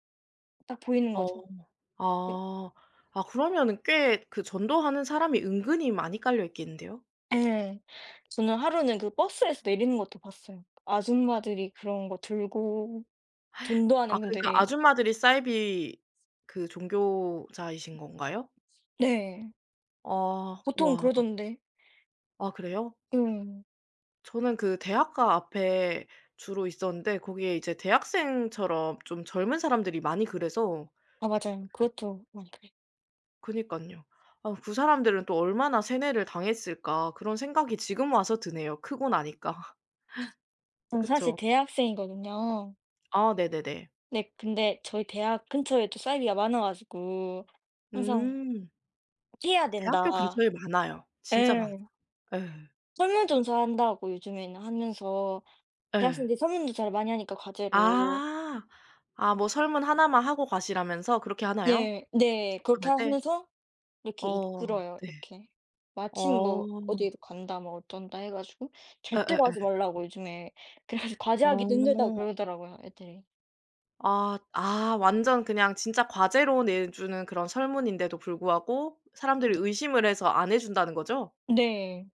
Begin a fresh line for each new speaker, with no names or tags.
딱 보이는
어.
거죠. 네.
아. 아 그러면은 꽤 그 전도하는 사람이 은근히 많이 깔려 있겠는데요.
예. 저는 하루는 그 버스에서 내리는 것도 봤어요, 아줌마들이 그런 거 들고
아
전도하는
그니까
분들이.
아줌마들이 사이비 그 종교자이신 건가요?
네.
아.
보통
와.
그러던데.
아 그래요?
음.
저는 그 대학가 앞에 주로 있었는데 거기에 이제 대학생처럼 좀 젊은 사람들이 많이 그래서
아 맞아요. 그렇죠 막
그니깐요. 아 '그 사람들은 또 얼마나 세뇌를 당했을까?' 그런 생각이 지금 와서 드네요, 크고 나니까
전 사실
그쵸.
대학생이거든요.
아 네네네.
네 근데 저희 대학 근처에 또 사이비가 많아 가지고 항상
음.
피해야
대학교
된다.
근처에 많아요. 진짜 많아.
예.
예.
설문조사 한다고 요즘에는 하면서
예.
대학생들이 설문조사를 많이 하니까 과제로.
아. 아 뭐 설문 1 만 하고 가시라면서 그렇게 하나요,
네. 네. 그렇게
접근할 때?
하면서 이렇게
어
이끌어요,
네.
이렇게. 마침 뭐
어.
어디로 간다 뭐 어쩐다 해 가지고 절대로 하지
예예예.
말라고 요즘에 그래 가지고 과제하기도 힘들다고
어.
그러더라고요 애들이.
아 아 완전 그냥 진짜 과제로 내주는 그런 설문인데도 불구하고 사람들이 의심을 해서 안 해 준다는 거죠?
네.